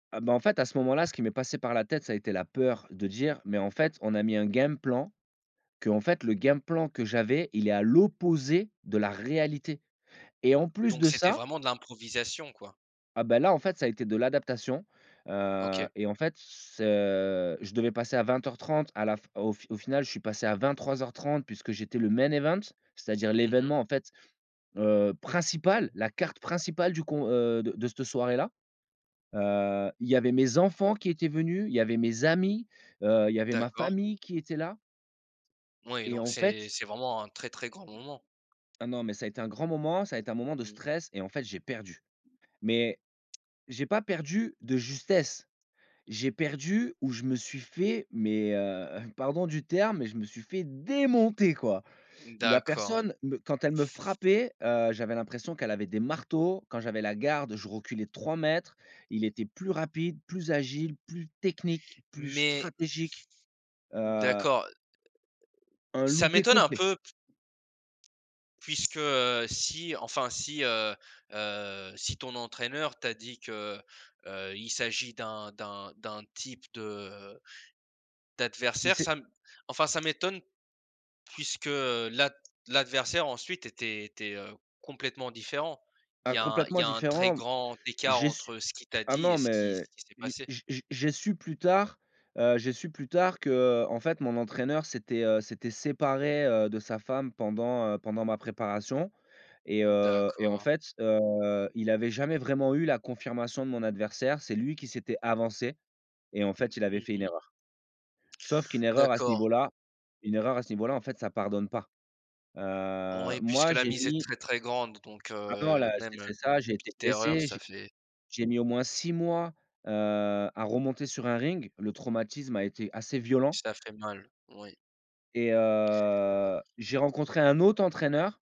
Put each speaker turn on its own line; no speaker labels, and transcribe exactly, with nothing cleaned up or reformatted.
Ah bah, en fait, à ce moment-là, ce qui m'est passé par la tête, ça a été la peur de dire: «Mais en fait, on a mis un game plan, qu'en fait, le game plan, que j'avais, il est à l'opposé de la réalité» et en plus
Donc
de
c'était
ça
vraiment de l'improvisation quoi.
Ah bah, là en fait, ça a été de l'adaptation, heu
OK.
,et en fait, ce je devais passer à vingt heures trente à la f au f au final je suis passé à vingt-trois heures trente puisque j'étais le main event, c'est-à-dire
Mmh mh.
l'événement en fait, heu, principal, la carte principale du co heu, de de cette soirée-là. Heu, il y avait mes enfants qui étaient venus, il y avait mes amis, heu, il y avait ma
D'accord.
famille qui était là
Oui,
et
donc
en
c'est
fait
c'est vraiment un très, très grand moment.
Oh non, mais ça a été un grand moment, ça a été un moment de
Mmh.
stress, et en fait j'ai perdu. Mais, j'ai pas perdu de justesse. J'ai perdu ou je me suis fait, mais heu, pardon du terme, mais je me suis fait démonter quoi.
Mmh
La
d'accord.
personne me quand elle me frappait, heu, j'avais l'impression qu'elle avait des marteaux, quand j'avais la garde, je reculais de trois mètres, il était plus rapide, plus agile, plus technique, plus
Mais
stratégique.
N
Heu
d'accord.
un
Ça
loupé
m'étonne un
complet.
peu p puisque, heu si, enfin si, heu heu, si ton entraîneur t'a dit que, heu heu, il s'agit d'un d'un d'un type de
Il
d'adversaire
s'est
ça m enfin ça m'étonne, puisque l'ad l'adversaire ensuite était était, heu, complètement différent. Il
Ah
y a un il y
complètement
a un très
différent.
grand écart
J'ai su
entre ce qu'il t'a
ah
dit et
non,
ce qui ce
mais
qui s'est
j'ai
passé.
j'ai j'ai j'ai su plus tard, heu, j'ai su plus tard qu'en fait mon entraîneur s'était, heu, s'était séparé, heu, de sa femme pendant, heu, pendant ma préparation et heu et en
D'accord.
fait, heu, il avait jamais vraiment eu la confirmation de mon adversaire, c'est lui qui s'était avancé et en fait il avait
Mmh
fait une
mh.
erreur. Sauf qu'une erreur à ce
D'accord.
niveau-là, une erreur à ce niveau-là en fait ça pardonne pas. Heu,
Oui, puisque
moi
la
j'ai
mise est
mis
très, très grande, donc
Maintenant
heu,
là
même,
c'est
heu,
c'est ça,
une
j'ai été
petite erreur,
blessé,
ça
j'ai
fait
j'ai mis au moins six mois, heu, à remonter sur un ring, le traumatisme a été assez violent
ça fait mal. Oui.
et heu, j'ai rencontré un autre entraîneur